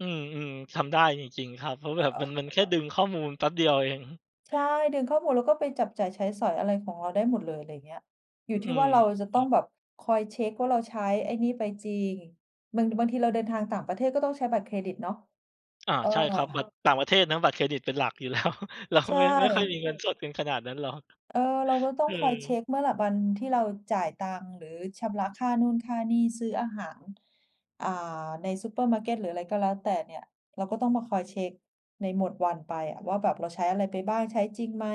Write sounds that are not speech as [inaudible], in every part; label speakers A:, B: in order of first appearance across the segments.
A: อืม ๆ ทำได้จริง ๆ ครับ เพราะแบบมัน มัน แค่ดึงข้อมูลแป๊บเดียวเอง
B: ใช่ ดึงข้อมูล แล้วก็ไปจับจ่ายใช้สอยอะไรของเราได้หมดเลย อะไรเงี้ย อย
A: อ
B: ู่
A: ื
B: ที่ว่
A: ม
B: าเราจะต้อง
A: ๆ
B: แบบคอยเช็กว่าเราใช้ไอ้นี่ไปจริง บางที บางทีเราเดินทางต่างประเทศก็ต้องใช้บัตรเครดิตเนาะ
A: อา
B: เออ
A: ใช่ครับ บัตรต่างประเทศนะบัตรเครดิตเป็นหลักอยู่ แล้ว แล้ว
B: ใช
A: ไม่ ไม่ค่อย มี
B: ่
A: เงินสดกันขนาดนั้นหรอก
B: เออ เราก็ต้องคอยเช็
A: เออ
B: กเมื่อแบบวันที่เราจ่ายตังค์ หรือชำระค่านู่นค่านี่ซื้ออาหาร อ่า ในซูเปอร์มาร์เก็ตหรืออะไรก็แล้วแต่เนี่ย เราก็ต้องมาคอยเช็กในหมดวันไปอะว่า แบบเราใช้อะไรไปบ้าง ใช้จริงไหม?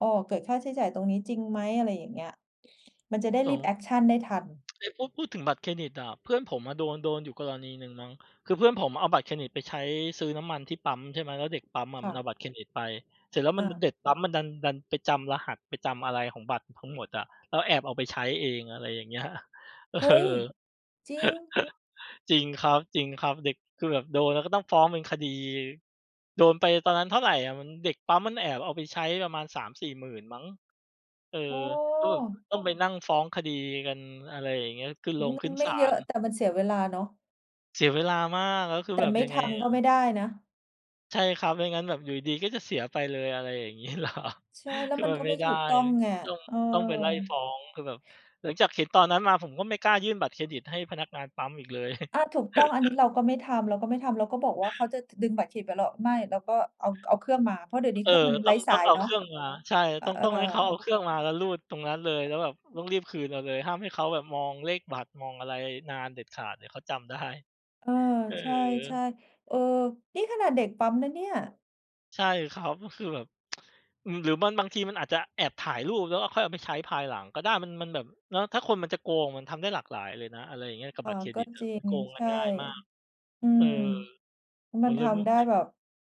B: อ้อ เกิดค่าใช้จ่ายตรงนี้จริงไหม? อะไรอย่างเงี้ย มันจะได้
A: ส
B: รีบ
A: ง
B: แอกชันได้ทัน
A: เอ๊ะ พูด พูดถึงบัตรเครดิตอะ เพื่อนผมอะโดน โดนอยู่กรณีหนึ่งมั้ง คือเพื่อนผมอะเอาบัตรเครดิตไปใช้ซื้อน้ำมันที่ปั๊ม ใช่ไหม แล้วเด็กปั๊มอะ
B: ค
A: ม
B: ่
A: ันเอา
B: ะ
A: บัตรเครดิตไป เสร็จแล้วม
B: อ
A: ัน มัน เ
B: า
A: ด็กปั๊มมันดัน ดันไปจำรหัส ไปจำอะไรของบัตรทั้งหมดอะ แล้วแอบเอาไปใช้เอง อะไรอย่างเงี้ย เออ
B: เฮ้ย!
A: [chuckles]
B: จริง?
A: จริงครับ ๆ เด็ก คือแบบโดนแล้วก็ต้องฟ้องเป็นคดี โดนไปตอนนั้นเท่าไรอะ มัน เด็กปั๊มมันแอบเอาไปใช้ประมาณ 30,000-40,000 มั้ง เออ
B: โอ้!
A: ก็แบบต้องไปนั่งฟ้องคดีกัน อะไรอย่างเงี้ย ขึ้น
B: อ
A: โ
B: ื
A: ร
B: อ
A: ง
B: ม
A: ข
B: ั
A: ึ้
B: น
A: น
B: ไม
A: ศ
B: ่
A: า
B: เยอ
A: ล
B: ะ แต่มันเสียเวลาเนาะ
A: เสียเวลามาก แล้วคื
B: แ
A: อ
B: ต่
A: แบบ
B: ไม่
A: ยัง
B: ท
A: ไง
B: ำ
A: อ
B: ก็
A: ะ
B: ไม่ได้นะ
A: ใช่ครับ ไม่งั้นแบบอยู่ดี ๆ ก็จะเสียไปเลย อะไรอย่างงี้ เหรอ?
B: ใช่ แล้
A: ค
B: ว
A: ือ
B: มัน
A: มัน
B: ก็
A: ไม
B: ไ
A: ่
B: ม่
A: ได
B: ถ
A: ้
B: ูกต้องเนี่ย
A: ต้อง
B: เออ
A: ต้องไปไล่ฟ้อง คือแบบหลังจากเห็นตอนนั้นมาผมก็ไม่กล้ายื่นบัตรเครดิตให้พนักงานปั๊มอีกเลย
B: อา ถูกต้อง อันนี้
A: [chuckles]
B: เราก็ไม่ทำ เราก็ไม่ทำ เราก็บอกว่า เขาจะดึงบัตรเครดิตไป เรา "ไม่" แล้วก็เอา เอาเครื่องมา เพราะเดี๋ยวนี้
A: เอ
B: เค
A: อ
B: รื่องมัน
A: ต
B: ไ
A: ้
B: ร
A: อ
B: ้
A: ง
B: ส
A: ต้อ
B: า
A: ง
B: ย
A: เอา
B: เน
A: เค
B: าะ
A: รื่องมา ใช่ แล้
B: เ
A: วต้อง
B: อ
A: ต้องให้เ
B: อ
A: ขาเอาเครื่องมา แล้วรูดตรงนั้นเลย แล้วแบบต้องรีบคืนมาเลย ห้ามให้เขาแบบมองเลขบัตร มองอะไรนานเด็ดขาด เดี๋ยวเขาจำได้
B: เออ
A: เอ
B: ใช่
A: อ
B: ๆ เออ นี่ขนาดเด็กปั๊มนะเนี่ย
A: ใช่ครับ ก็คือแบบ [tsk] อือ หรือมันบางทีมันอาจจะแอบถ่ายรูป แล้วก็ค่อยเอาไปใช้ภายหลังก็ได้ มัน มันแบบเนาะ ถ้าคนมันจะโกงมันทำได้หลากหลายเลยนะ อะไรอย่างเงี้ย กับ
B: อ๋อ
A: บัตร
B: ก
A: เค
B: ็
A: รดิตอะ
B: จริ
A: มัน
B: ง
A: โกงก
B: ใช
A: ัน
B: ่
A: ง่ายมาก
B: อื
A: เอ
B: ม
A: อ ผ
B: มัน
A: มเ
B: ท
A: ลย ม
B: ำได้
A: เฮ่ย
B: แบบ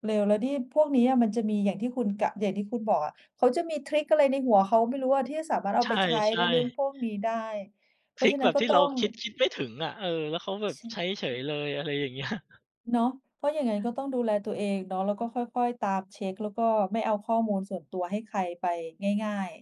B: เร็ว แล้วนี่พวกนี้อะมันจะมีอย่างที่คุณกะ อย่างที่คุณบอกอะ เขาจะมีทริกอะไรในหัวเขาไม่รู้อะ ที่สามารถเอ
A: ใ
B: า
A: ช
B: ไปใช้ใน
A: ่
B: เรื่อง
A: ๆ
B: พวกนี้ได้ เพ
A: ท
B: รา
A: ร
B: ะ
A: ิ
B: ฉ
A: ก
B: ะน
A: แ
B: ั
A: บ
B: ้น
A: บ
B: ก็
A: ที่
B: ต้
A: เร
B: อ
A: า
B: ง
A: คิด คิดไม่ถึงอะ เออ แล้วเขาแบ
B: อ
A: บใช้
B: ช
A: เฉยเลย อะไรอย่าง เงี้ย
B: เนาะ เพราะอย่างงั้นก็ต้องดูแลตัวเองเนาะ แล้วก็ค่อย ๆ ตามเช็ก แล้วก็ไม่เอาข้อมูลส่วนตัวให้ใครไปง่าย ๆ